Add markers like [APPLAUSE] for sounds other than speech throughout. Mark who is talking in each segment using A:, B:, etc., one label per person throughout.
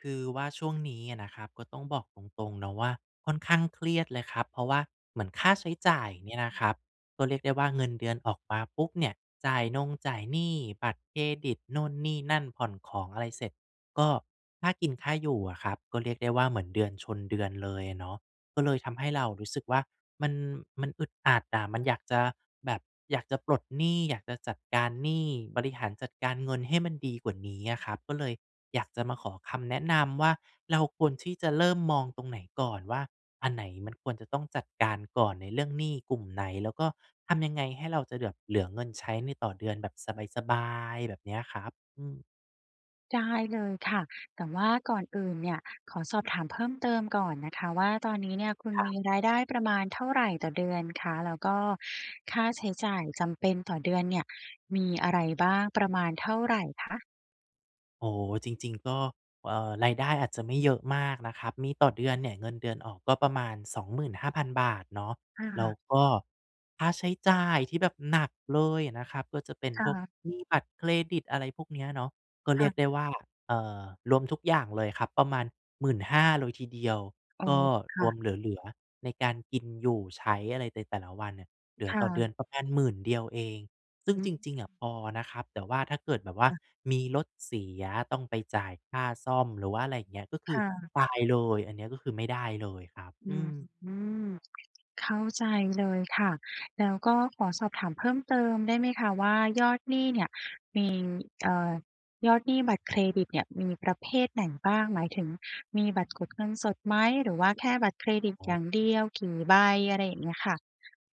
A: คือว่าช่วงนี้อะนะครับ ก็ต้องบอกตรง ๆ เนาะว่า ค่อนข้างเครียดเลยครับ เพราะว่า เหมือนค่าใช้จ่ายเนี่ยนะครับ ก็เรียกได้ว่าเงินเดือนออกมาปุ๊บเนี่ย จ่ายนงจ่ายหนี้บัตรเครดิตนู่นนี่นั่น ผ่อนของอะไรเสร็จ ก็ ค่ากินค่าอยู่อะครับ ก็เรียกได้ว่า เหมือนเดือนชนเดือนเลยอะเนาะ ก็เลยทำให้เรารู้สึกว่า มัน มันอึดอัดอะ มันอยากจะแบบ อยากจะปลดหนี้ อยากจะจัดการหนี้ บริหารจัดการเงินให้มันดีกว่านี้อะครับ ก็เลยอยากจะมาขอคำแนะนำว่า เราควรที่จะเริ่มมองตรงไหนก่อนว่า อันไหนมันควรจะต้องจัดการก่อน ในเรื่องหนี้กลุ่มไหน แล้วก็ทำยังไงให้เราจะเหลือบ เหลือเงินใช้ใน ต่อเดือนแบบสบาย ๆ? แบบเนี้ยครับ อืม
B: ได้เลยค่ะ แต่ว่าก่อนอื่นเนี่ย ขอสอบถามเพิ่มเติมก่อนนะคะว่า ตอนนี้เนี่ยคุณ
A: ครั
B: ม
A: บ
B: ีรายได้ประมาณเท่าไรต่อเดือนคะ? แล้วก็ค่าใช้จ่ายจำเป็นต่อเดือนเนี่ยมีอะไรบ้าง? ประมาณเท่าไรคะ?
A: โอ้โฮ จริง ๆ ก็ อ่า รายได้อาจจะไม่เยอะมากนะครับ มีต่อเดือนเนี่ย เงินเดือนออกก็ประมาณ 25,000 บาทเนาะ แล
B: ค
A: ้
B: ่
A: ว
B: ะ
A: ก็ค่าใช้จ่ายที่แบบหนักเลยอะนะครับ ก็จะเป็น
B: ค่
A: พวก
B: ะ
A: หนี้บัตรเครดิต อะไรพวกเนี้ยเนาะ ก็เ
B: ค
A: ร
B: ่
A: ี
B: ะ
A: ยกได้ว่า เอ่อ รวมทุกอย่างเลยครับ ประมาณ 15,000 เลยทีเดียว
B: อ๋อ
A: ก็
B: ค
A: ร
B: ่
A: ว
B: ะ
A: มเหลือ ๆ ในการกิน อยู่ ใช้อะไรในแต่ละวันเนี่ย เหลื
B: ค
A: อ
B: ่
A: ต่อเด
B: ะ
A: ือนประมาณ 10,000 เดียวเอง ซึ่ง
B: อ
A: จ
B: ือ
A: ริง ๆ อะ พอนะครับ แต่ว่าถ้าเกิดแบบว่า
B: ค่ะ
A: มีรถเสียต้องไปจ่ายค่าซ่อม หรือว่าอะไรอย่างเงี้ย ก็ค
B: ค
A: ือ
B: ่ะ
A: ตายเลยอันเนี้ย ก็คือไม่ได้เลยครับ
B: อื
A: อือ
B: ม เข้าใจเลยค่ะ แล้วก็ขอสอบถามเพิ่มเติมได้ไหมคะว่า ยอดหนี้เนี่ยมี เอ่อ ยอดหนี้บัตรเครดิตเนี่ย มีประเภทไหนบ้าง? หมายถึงมีบัตรกดเงินสดไหม? หรือว่าแค่บัตรเครดิต
A: อ๋
B: อ
A: อ
B: ย่างเดียว? กี่ใบ? อะไรอย่างเงี้ยค่ะ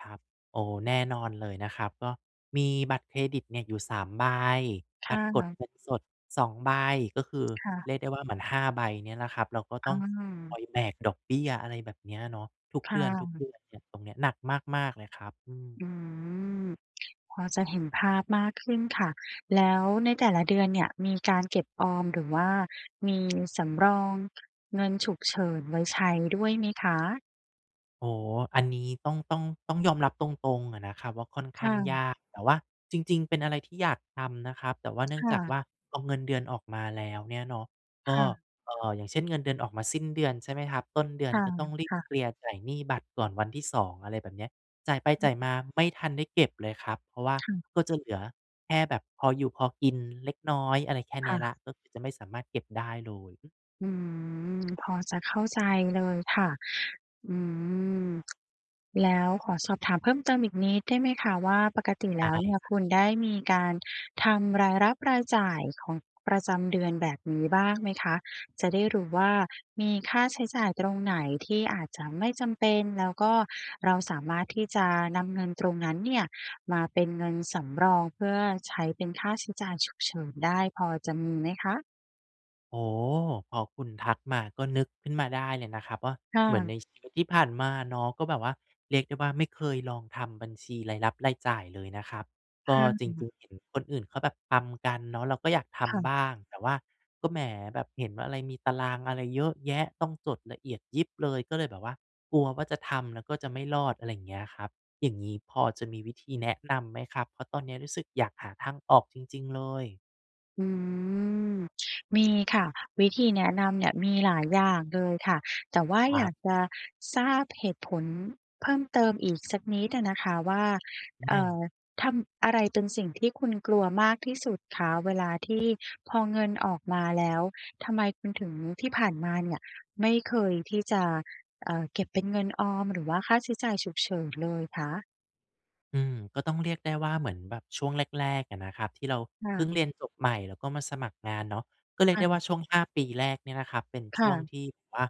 A: ครับ โอ้ แน่นอนเลยนะครับ ก็มีบัตรเครดิตเนี่ยอยู่ 3 ใบ
B: ค
A: บัตรก
B: ่
A: ด
B: ะ
A: เงินสด 2 ใบ ก็คือ
B: ค่ะ
A: เรียกได้ว่า เหมือน 5 ใบเนี่ยแหละครับ แล้วก็
B: อ
A: ต
B: ื
A: ้องค
B: ม
A: อยแบกดอกเบี้ย อะไรแบบเนี้ยเนาะ ทุก
B: ค
A: เ
B: ่
A: ดือน ทุกเด
B: ะ
A: ือนเนี่ย ตรงเนี้ยหนักมาก ๆ เลยครับ อืม
B: อืม พอจะเห็นภาพมากขึ้นค่ะ แล้วในแต่ละเดือนเนี่ย มีการเก็บออม หรือว่ามีสำรองเงินฉุกเฉินไว้ใช้ด้วยไหมคะ?
A: อ๋อ อันนี้ต้อง ต้อง ต้องยอมรับตรง ๆ อะนะครับว่า ค่อนข
B: ค
A: ้
B: ่
A: างย
B: ะ
A: าก แต่ว่าจริง ๆ เป็นอะไรที่อยากทำนะครับ แต่ว่าเนื่
B: ค
A: อง
B: ่
A: จากว
B: ะ
A: ่า เอาเงินเดือนออกมาแล้วเนี่ยเนาะ ก
B: ค
A: ็
B: ่ะ
A: เอ่อ อย่างเช่น เงินเดือนออกมาสิ้นเดือนใช่ไหมครับ ต้นเดือนก็ต้องรี
B: ค
A: บ
B: ่ะ ๆ
A: เคลียร์จ่ายหนี้บัตรก่อนวันที่ 2 อะไรแบบเนี้ย จ่ายไป
B: อ
A: จ่
B: ื
A: าย
B: ม
A: มาไม่ทันได้เก็บเลยครับ เพราะว่า
B: ค่ะ
A: ก็จะเหลือแค่แบบพออยู่พอกินเล็กน้อย อะไรแค่เ
B: ค
A: นี้
B: ่
A: ยแล้
B: ะ
A: ว ก็คือจะไม่สามารถเก็บได้เลย อือ
B: อืม พอจะเข้าใจเลยค่ะ อือ แล้วขอสอบถามเพิ่มเติมอีกนิดได้ไหมคะว่า ปกติ
A: ใช
B: แล
A: ่
B: ้วเนี่ย
A: ครั
B: ค
A: บ
B: ุณได้มีการทำรายรับรายจ่ายของประจำเดือนแบบนี้บ้างไหมคะ? จะได้รู้ว่า มีค่าใช้จ่ายตรงไหนที่อาจจะไม่จำเป็น แล้วก็เราสามารถที่จะนำเงินตรงนั้นเนี่ย มาเป็นเงินสำรอง เพื่อใช้เป็นค่าใช้จ่ายฉุกเฉินได้ พอจะมีไหมคะ?
A: โอ้โฮ พอคุณทักมา ก็นึกขึ้นมาได้เลยนะครับว่า
B: ค่
A: เหมือน
B: ะ
A: ในชีวิตที่ผ่านมาเนาะ ก็แบบว่า เรียกได้ว่าไม่เคยลองทำบัญชีรายรับรายจ่ายเลยนะครับ
B: ค
A: ก็
B: ่
A: จร
B: ะ
A: ิง ๆ เห็นคนอื่นเขาแบบทำกันเนาะ เราก็อยากท
B: ค่ะ
A: ำบ้าง แต่ว่าก็ แหม แบบเห็นว่า อะไรมีตารางอะไรเยอะแยะ ต้องจดละเอียดยิบเลย ก็เลยแบบว่ากลัวว่าจะทำแล้วก็จะไม่รอด อะไรอย่างเงี้ยครับ อย่างงี้พอจะมีวิธีแนะนำไหมครับ เพราะตอนเนี้ยรู้สึกอยากหาทางออกจริง ๆ เลย
B: อืม มีค่ะ วิธีแนะนำเนี่ยมีหลายอย่างเลยค่ะ แต่ว่า
A: คร
B: อย
A: ั
B: า
A: บ
B: กจะทราบเหตุผลเพิ่มเติมอีกสักนิดอะนะคะว่า เอ
A: อ
B: ่อ
A: า
B: ทำ อะไรเป็นสิ่งที่คุณกลัวมากที่สุดคะ เวลาที่พอเงินออกมาแล้วทำไมคุณถึง ที่ผ่านมาเนี่ยไม่เคยที่จะ เอ่อ เก็บเป็นเงินออม หรือว่าค่าใช้จ่ายฉุกเฉินเลยคะ?
A: อืม ก็ต้องเรียกได้ว่าเหมือนแบบช่วงแรก ๆ อะนะครับที่เรา
B: ค่
A: เพิ
B: ะ
A: ่งเรียนจบใหม่แล้วก็มาสมัครงานเนาะ ก็เรี
B: ค
A: ยก
B: ่
A: ได้ว
B: ะ
A: ่าช่วง 5 ปีแรกเนี่ยนะครับ เป็น
B: ค
A: ช
B: ่
A: ่วง
B: ะ
A: ที่แบบว่า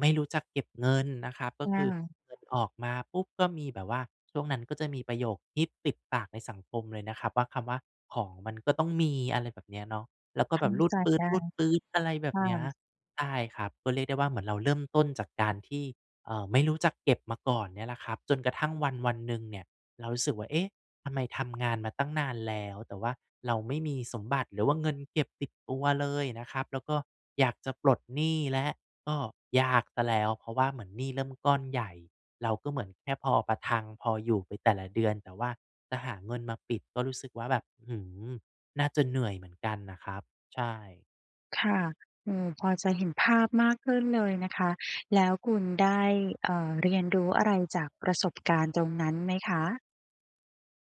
A: ไม่รู้จักเก็บเงินนะครับ ก็
B: อ
A: คือ
B: า
A: เงินออกมาปุ๊บก็มีแบบว่า ช่วงนั้นก็จะมีประโยคฮิตติดปากในสังคมเลยนะครับว่า คำว่า "ของมันก็ต้องมี" อะไรแบบนี้เนาะ แล้วก็
B: ท
A: แบบรู
B: ำ
A: ด
B: ใจ
A: ปื
B: ได้
A: ๊ด ๆ อะไรแบ
B: ค
A: บ
B: ่
A: เนี้ย
B: ะ
A: ใช่ครับ ก็เรียกได้ว่าเหมือนเราเริ่มต้นจากการที่ เอ่อ ไม่รู้จักเก็บมาก่อนเนี่ยแหละครับ จนกระทั่งวันวันหนึ่งเนี่ย เรารู้สึกว่า เอ๊ะ ทำไมทำงานมาตั้งนานแล้วแต่ว่าเราไม่มีสมบัติ หรือว่าเงินเก็บติดตัวเลยนะครับ แล้วก็อยากจะปลดหนี้แล้ว ก็ยากเสียแล้วเพราะว่าเหมือนหนี้เริ่มก้อนใหญ่ เราก็เหมือนแค่พอประทัง พออยู่ไปแต่ละเดือน แต่ว่าจะหาเงินมาปิดก็รู้สึกว่าแบบ อื้อฮือ น่าจะเหนื่อยเหมือนกันน่ะครับ ใช่
B: ค่ะ เออ พอจะเห็นภาพมากขึ้นเลยนะคะ แล้วคุณได้ อ่า เรียนรู้อะไรจากประสบการณ์ตรงนั้นไหมคะ?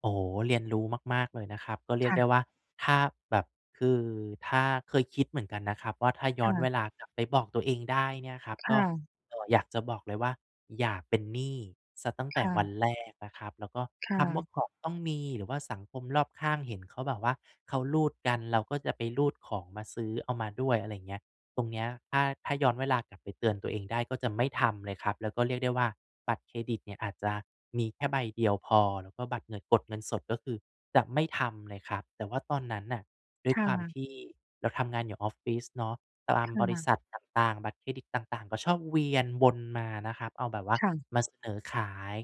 A: โอ้โฮ เรียนรู้มาก ๆ เลยนะครับ ก็เรี
B: ค
A: ยก
B: ่
A: ได
B: ะ
A: ้ว่าถ้าแบบ คือถ้า เคยคิดเหมือนกันนะครับว่าถ้าย
B: ค
A: ้อ
B: ่
A: น
B: ะ
A: เวลากลับไปบอกตัวเองได้เนี่ยครับ
B: ค
A: ก
B: ่
A: ็
B: ะ
A: อ่า อยากจะบอกเลยว่า "อย่าเป็นหนี้เสียตั้งแต
B: ค
A: ่
B: ่
A: ว
B: ะ
A: ันแรกนะครับ" แล้วก็
B: ค่
A: คำว่
B: ะ
A: าของต้องมี หรือว่าสังคมรอบข้างเห็นเขาแบบว่าเขารูดกัน เราก็จะไปรูดของมาซื้อ เอามาด้วย อะไรอย่างเงี้ย ตรงนี้ถ้า ถ้าย้อนเวลากลับไปเตือนตัวเองได้ก็จะไม่ทำเลยครับ แล้วก็เรียกได้ว่าบัตรเครดิตเนี่ยอาจจะมีแค่ใบเดียวพอ แล้วก็บัตรเงิน กดเงินสดก็คือจะไม่ทำเลยครับ แต่ว่าตอนนั้นน่ะด้
B: ค
A: วย
B: ่
A: ความ
B: ะ
A: ที่เราทำงานอยู่ออฟฟิศเนาะ ตาม
B: ค
A: บร
B: ่
A: ิ
B: ะ
A: ษัทต่าง ๆ บัตรเครดิตต่าง ๆ ก็ชอบเวียนวนมานะครับ เอาแบบว่า
B: ค่ะ
A: มาเสนอขาย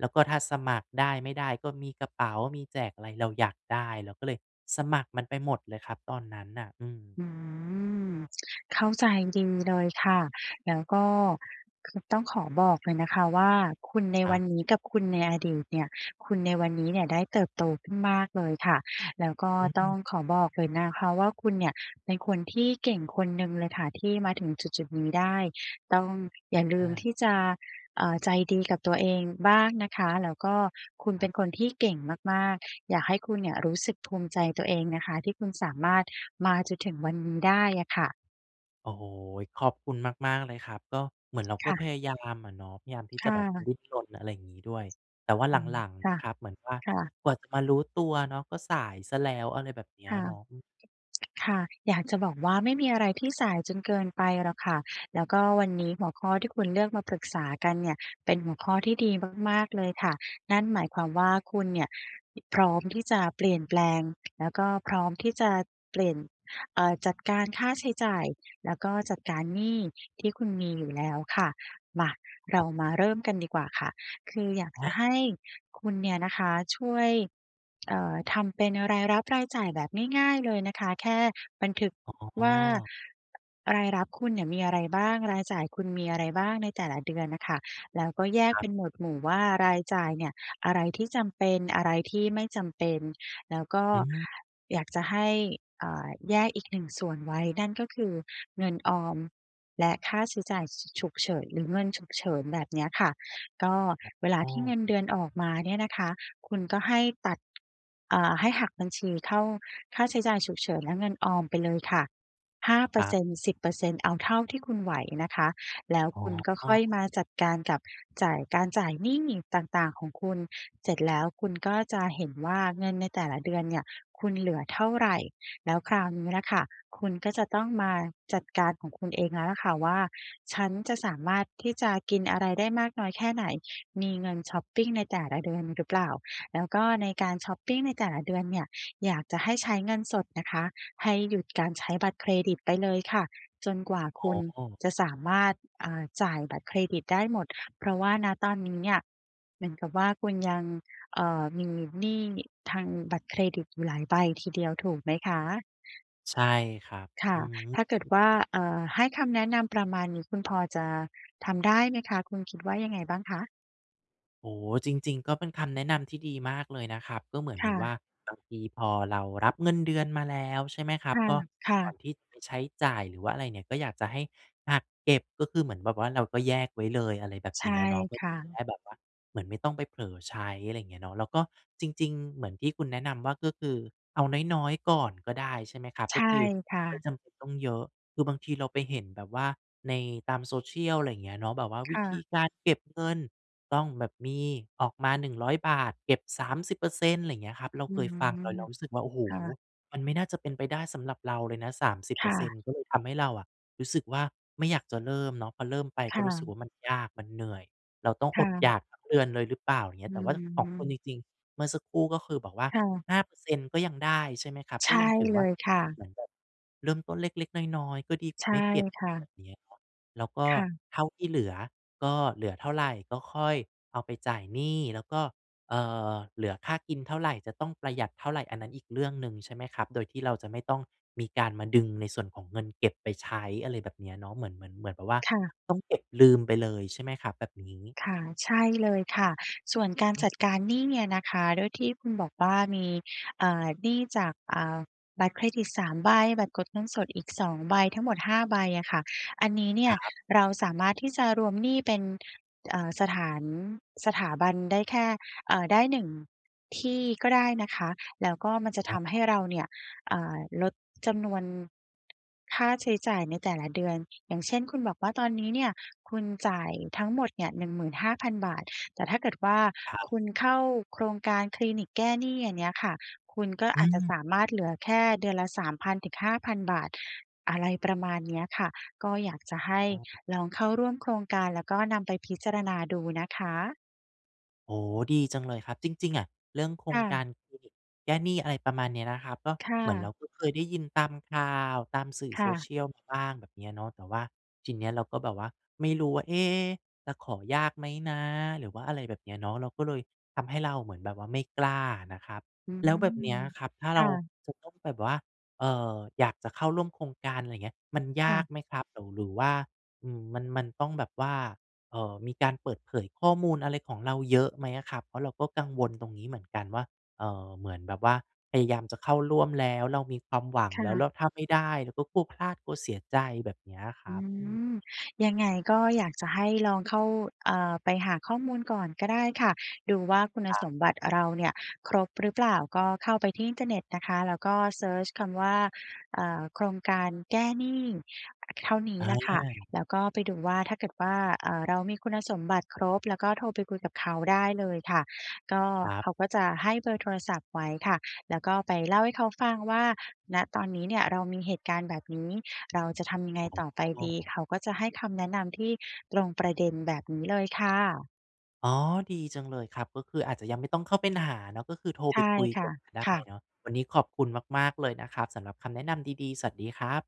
A: แล้วก็ถ้าสมัครได้ ไม่ได้ ก็มีกระเป๋า มีแจกอะไร เราอยากได้เราก็เลยสมัครมันไปหมดเลยครับตอนนั้นน่ะ อืม
B: อืม เข้าใจดีเลยค่ะ แล้วก็ คือต้องขอบอกเลยนะคะว่าคุณใน
A: คร
B: ว
A: ั
B: ั
A: บ
B: นนี้กับคุณในอดีตเนี่ย คุณในวันนี้เนี่ยได้เติบโตขึ้นมากเลยค่ะ แล้วก็
A: อื
B: ต้อง
A: ม
B: ขอบอกเลยนะคะว่า คุณเนี่ยเป็นคนที่เก่งคนหนึ่งเลยค่ะ ที่มาถึงจุด ๆ นี้ได้ ต้องอย่าลื
A: อ
B: มท
A: า
B: ี่จะ อ่า ใจดีกับตัวเองบ้างนะคะ แล้วก็คุณ
A: ค
B: เ
A: ร
B: ป็
A: ับ
B: นคนที่เก่งมาก ๆ อยากให้คุณเนี่ยรู้สึกภูมิใจตัวเองนะคะ ที่คุณสามารถมาจนถึงวันนี้ได้อะค่ะ
A: โอ้โฮ ขอบคุณมาก ๆ เลยครับ ก็เหมือนเรา
B: ค
A: ก็
B: ่
A: พ
B: ะ
A: ยายามอะเนาะ พยายามที่
B: ค
A: จะ
B: ่
A: แบบ
B: ะ
A: ดิ้นรน อะไรอย่างงี้ด้วย แต่ว่า
B: อ
A: ห
B: ืม
A: ลัง
B: ค
A: ๆ
B: ่
A: น
B: ะ
A: ะครับเหมือนว่า
B: ค่ะ
A: กว่าจะมารู้ตัวเนาะก็สายเสียแล้ว อะไรแบบเนี้
B: ค
A: ย
B: ่ะ
A: เนาะ อืม
B: ค่ะ อยากจะบอกว่า ไม่มีอะไรที่สายจนเกินไปหรอกค่ะ แล้วก็วันนี้ หัวข้อที่คุณเลือกมาปรึกษากันเนี่ย เป็นหัวข้อที่ดีมาก ๆ เลยค่ะ นั่นหมายความว่า คุณเนี่ย พ-พร้อมที่จะเปลี่ยนแปลง แล้วก็พร้อมที่จะเปลี่ยน เอ่อ จัดการค่าใช้จ่าย แล้วก็จัดการหนี้ที่คุณมีอยู่แล้วค่ะ มา เร
A: ค
B: า
A: รับ
B: มาเริ่มกันดีกว่าค่ะ คืออยากจ
A: อ
B: ะให
A: า
B: ้คุณเนี่ยนะคะ ช่วย เอ่อ ทำเป็นรายรับรายจ่ายแบบง่าย ๆ เลยนะคะ แค่บันทึก
A: อ๋
B: ว่า
A: อ
B: รายรับคุณเนี่ยมีอะไรบ้าง? รายจ่ายคุณมีอะไรบ้าง? ในแต่ละเดือนน่ะค่ะ แล้วก็แยก
A: คร
B: เ
A: ั
B: ป
A: บ
B: ็นหมดหมู่ว่า รายจ่ายเนี่ย อะไรที่จำเป็น อะไรที่ไม่จำเป็น แล้วก็
A: อืม
B: อยากจะให้ เอ่อ แยกอีก 1 ส่วนไว้ นั่นก็คือ เงินออมและค่าใช้จ่าย ฉ ฉุกเฉิน หรือเงินฉุกเฉิน แบบเนี้ยค่ะ ก็เวลา
A: อ๋อ
B: ที่เงินเดือนออกมาเนี่ยนะคะ คุณก็ให้ตัด อ่า ให้หักบัญชีเข้าค่าใช้จ่ายฉุกเฉิน และเงินออมไปเลยค่ะ 5 เป
A: ค
B: อร
A: รั
B: ์เซ
A: บ
B: ็นต์ 10 เปอร์เซ็นต์ เอาเท่าที่คุณไหวนะคะ แล้ว
A: อ๋
B: คุณก็ค่
A: อ
B: อยมาจัดการกับจ่าย การจ่ายหนี้ต่าง ๆ ของคุณ เสร็จแล้วคุณก็จะเห็นว่า เงินในแต่ละเดือนเนี่ยคุณเหลือเท่าไร? แล้วคราวนี้ล่ะค่ะ คุณก็จะต้องมาจัดการของคุณเองแล้วแหละค่ะว่า "ฉันจะสามารถที่จะกินอะไรได้มากน้อยแค่ไหน? มีเงินชอปปิงในแต่ละเดือนหรือเปล่า?" แล้วก็ในการชอปปิงในแต่ละเดือนเนี่ยอยากจะให้ใช้เงินสดนะคะ ให้หยุดการใช้บัตรเครดิตไปเลยค่ะ จนกว่าคุณ
A: โอ้
B: จะสามารถ อ่า จ่ายบัตรเครดิตได้หมด เพราะว่า ณ ตอนนี้เนี่ย เหมือนกับว่า คุณยัง เอ่อ มีหนี้ทางบัตรเครดิตอยู่หลายใบทีเดียว ถูกไหมคะ?
A: ใช่ครับ
B: ค่
A: อื
B: ะ
A: อฮึ
B: ถ้าเกิดว่า
A: [UNINTELLIGIBLE]
B: เอ่อ ให้คำแนะนำประมาณนี้ คุณพอจะทำได้ไหมคะ? คุณคิดว่ายังไงบ้างคะ?
A: โอ้ จริง ๆ ก็เป็นคำแนะนำที่ดีมากเลยนะครับ ก็เหมือน
B: ค
A: แบ
B: ่
A: บว่า
B: ะ
A: บางทีพอเรารับเงินเดือนมาแล้ว ใช่ไหมครั
B: ค
A: บ
B: ่ะ
A: ก็
B: ค่
A: ก่อน
B: ะ
A: ที่จะไปใช้จ่าย หรือว่าอะไรเนี่ย ก็อยากจะให้หักเก็บ ก็คือเหมือนแบบว่าเราก็แยกไว้เลย อะไรแบบ
B: ใช
A: เน
B: ่
A: ี้ยเนาะ เพื่
B: ค
A: อท
B: ่
A: ี
B: ะ
A: ่จะได้แบบว่าเหมือนไม่ต้องไปเผลอใช้ อะไรอย่างเงี้ยเนาะ แล้วก็จริง ๆ เหมือนที่คุณแนะนำว่า ก็คือเอาน้อย ๆ ก่อนก็ได้ใช่ไหมครับ
B: ใช
A: ก็
B: ่
A: คือ
B: ค่
A: ไม
B: ะ
A: ่จำเป็นต้องเยอะ คือบางทีเราไปเห็นแบบว่าในตาม Social อะไรอย่างเงี้ยเนาะ แบบว่า
B: ค
A: วิ
B: ่
A: ธ
B: ะ
A: ีการเก็บเงิน ต้องแบบมีออกมา 100 บาท เก็บ 30 เปอร์เซ็นต์ อะไรอย่างเงี้ยครับ เรา
B: อื
A: เคย
B: ม
A: ฟังเรารู้สึกว่า โอ้โฮ
B: ค่ะ
A: มันไม่น่าจะเป็นไปได้สำหรับเราเลยนะ 30 เ
B: ค
A: ป
B: ่
A: อร์เซ
B: ะ
A: ็นต์ ก็เลยทำให้เราอะรู้สึกว่าไม่อยากจะเริ่มเนาะ พอเริ่มไป
B: ค
A: ก
B: ่
A: ็รู้สึ
B: ะ
A: กว่ามันยากมันเหนื่อย เราต้อง
B: ค
A: อ
B: ่
A: ดอ
B: ะ
A: ยากทั้งเดือนเลยหรือเปล่า อย่างเงี
B: อ
A: ้ย
B: ื
A: แต่ว่าของคุ
B: ม
A: ณจริง ๆ เมื่อสักครู่ ก็คือบอกว่า
B: ค่ะ
A: 5 เปอร์เซ็นต์ ก็ยังได้ใช่ไหมครับ
B: ใช
A: ก็
B: ่
A: ยังถือ
B: เล
A: ว่า
B: ยค่
A: เ
B: ะ
A: หมือนแบบเริ่มต้นเล็ก ๆ น้อย ๆ ก็ดีกว่
B: ใ
A: า
B: ช่
A: ไม่เก็บอ
B: ค
A: ย
B: ่ะ
A: ่างเงี้ยเนาะ แล้วก็
B: ค่ะ
A: เท่าที่เหลือก็เหลือเท่าไรก็ค่อยเอาไปจ่ายหนี้ แล้วก็ อ่า เหลือค่ากินเท่าไร จะต้องประหยัดเท่าไร อันนั้นอีกเรื่องหนึ่งใช่ไหมครับ โดยที่เราจะไม่ต้องมีการมาดึงในส่วนของเงินเก็บไปใช้ อะไรแบบนี้เนาะ เหมือน เหมือน เหมือนแบบว่า
B: ค่ะ
A: ต้องเก็บลืมไปเลยใช่ไหมครับ? แบบนี้
B: ค่ะ ใช่เลยค่ะ ส่วนการจ
A: อือ
B: ัดการหนี้เนี่ยนะคะ ด้วยที่คุณบอกว่ามี อ่า หนี้จาก อ่า บัตรเครดิต 3 ใบ บัตรกดเงินสดอีก 2 ใบ ทั้งหมด 5 ใบอะค่ะ อันนี้เนี
A: ค
B: ่ย
A: รับ
B: เราสามารถที่จะรวมหนี้เป็น อ่า สถาน สถาบันได้แค่ อ่า ได้ 1 ที่ก็ได้นะคะ แล้วก็มันจะ
A: อ
B: ทำให
A: ้
B: ้
A: อ
B: เราเนี่ย อ่า ลดจำนวน ค่าใช้จ่ายในแต่ละเดือน อย่างเช่น คุณบอกว่าตอนนี้เนี่ยคุณจ่ายทั้งหมดเนี่ย 15,000 บาท แต่ถ้าเกิด ว่า
A: ครับ
B: คุณเข้าโครงการคลินิกแก้หนี้ อย่างเงี้ยค่ะ คุณก็
A: อื
B: อาจจะ
A: ม
B: สามารถเหลือแค่เดือนละ 3,000 ถึง 5,000 บาท อะไรประมาณเนี้ยค่ะ ก็อยากจะให้
A: อ้อ
B: ลองเข้าร่วมโครงการ แล้วก็นำไปพิจารณาดูนะคะ
A: โอ้โฮ ดีจังเลยครับ จริง ๆ อะเรื่องโคร
B: ค
A: ง
B: ่
A: ก
B: ะ
A: ารหนี้ แก้หนี้ อะไรประมาณนี้นะครับ ก็
B: ค่
A: เหมือนเร
B: ะ
A: าก็เคยได้ยินตามข่าว ตามสื่อ
B: ค่ะ
A: Social มาบ้าง แบบเนี้ยเนาะ แต่ว่าทีเนี้ยเราก็แบบว่าไม่รู้ว่า เอ๊ะ จะขอยากไหมนะ หรือว่าอะไรแบบนี้เนาะ เราก็เลย ทำให้เราเหมือนแบบว่าไม่กล้านะครับ
B: อืม
A: แล้วแบบเนี้ยครับ ถ้า
B: ค
A: เรา
B: ่ะ
A: จะต้องแบบว่า เอ่อ อยากจะเข้าร่วมโครงการ อะไรอย่างเงี้ย มันย
B: ค่
A: าก
B: ะ
A: ไหมครับ หรือ หรือว่า อืม มัน มันต้องแบบว่า เอ่อ มีการเปิดเผยข้อมูลอะไรของเราเยอะไหมอะครับ? เพราะเราก็กังวลตรงนี้เหมือนกันว่า เอ่อ เหมือนแบบว่าพยายามจะเข้าร่วมแล้ว เรามีความหวัง
B: ค
A: แล้ว
B: ่
A: แ
B: ะ
A: ล้วถ้าไม่ได้เราก็กลัวพลาดกลัวเสียใจแบบเนี้ยอะค
B: อ
A: ร
B: ื
A: ับ อืม
B: ม ยังไงก็อยากจะให้ลองเข้า เอ่อ ไปหาข้อมูลก่อนก็ได้ค่ะ ดูว่าคุณ
A: คร
B: ส
A: ับ
B: มบัติเราเนี่ยครบหรือเปล่า ก็เข้าไปที่อินเทอร์เน็ตนะคะ แล้วก็เซิร์ชคำว่า เอ่อ โครงการแก้หนี้ อ เท่านี้
A: อ
B: แหละค่ะ
A: า
B: แล้วก็ไปดูว่า ถ้าเกิดว่า เอ่อ เรามีคุณสมบัติครบ แล้วก็โทรไปคุยกับเขาได้เลยค่ะ ก็
A: ครั
B: เข
A: บ
B: าก็จะให้เบอร์โทรศัพท์ไว้ค่ะ แล้วก็ไปเล่าให้เขาฟังว่า ณ ตอนนี้เนี่ยเรามีเหตุการณ์แบบนี้ เราจะทำยังไง
A: อ๋
B: ต่อไปดี
A: อ
B: เขาก็จะให้คำแนะนำที่ตรงประเด็น แบบนี้เลยค่ะ
A: อ๋อ ดีจังเลยครับ ก็คืออาจจะยังไม่ต้องเข้าเป็น หาเนาะ ก็คือโทร
B: ใช
A: ไป
B: ่
A: คุย
B: ค
A: ก
B: ่
A: ่
B: ะ
A: อนก็ได้
B: ค่ะ
A: เนาะ วันนี้ขอบคุณมาก ๆ เลยนะครับสำหรับคำแนะนำดี ๆ สวัสดีครับ